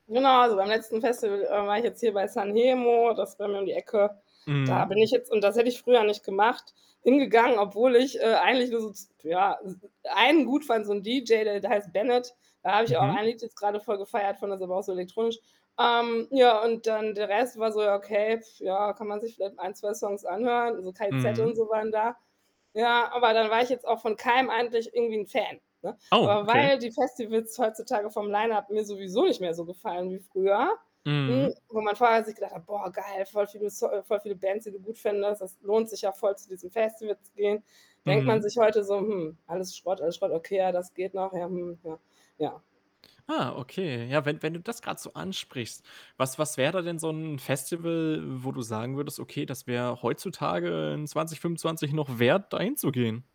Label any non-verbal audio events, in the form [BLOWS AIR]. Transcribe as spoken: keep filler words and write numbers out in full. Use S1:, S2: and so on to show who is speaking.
S1: Genau, also, beim letzten Festival, äh, war ich jetzt hier bei San Hejmo, das ist bei mir um die Ecke. Da
S2: Mhm.
S1: bin ich jetzt, und das hätte ich früher nicht gemacht, hingegangen, obwohl ich, äh, eigentlich nur so, z ja, einen gut fand, so 'n DJ, der der heißt Bennett. Da habe ich auch
S2: Mhm.
S1: ein Lied jetzt grade voll gefeiert von [UNINTELLIGIBLE] auch so elektronisch. Ähm, ja, und dann der Rest war so: „Ja, okay, [BLOWS AIR] ja, kann man sich vielleicht ein, zwei Songs anhören.“ So K.I.Z.
S2: Mhm.
S1: und so waren da. Ja, aber dann war ich jetzt auch von keinem eigentlich irgendwie 'n Fan, ne?
S2: Oh,
S1: Aber
S2: okay.
S1: weil die Festivals heutzutage vom Lineup mir sowieso nicht mehr so gefallen wie früher,
S2: Mhm.
S1: hm, wo man vorher sich gedacht hat: „Boah, geil, voll viele so äh, voll viele Bands, die du gut findest. Das lohnt sich ja voll, zu diesem Festival zu gehen.“ Denkt man
S2: Mhm.
S1: sich heute so: „Hm, alles Schrott. Alles Schrott. Okay, ja, das geht noch. Ja, hm, ja.“ Ja.
S2: Ah, okay. Ja, wenn wenn du das grad so ansprichst. Was was wäre da denn so 'n Festival, wo du sagen würdest: „Okay, das wäre heutzutage in zwanzigfünfundzwanzig noch wert, da hinzugehen?“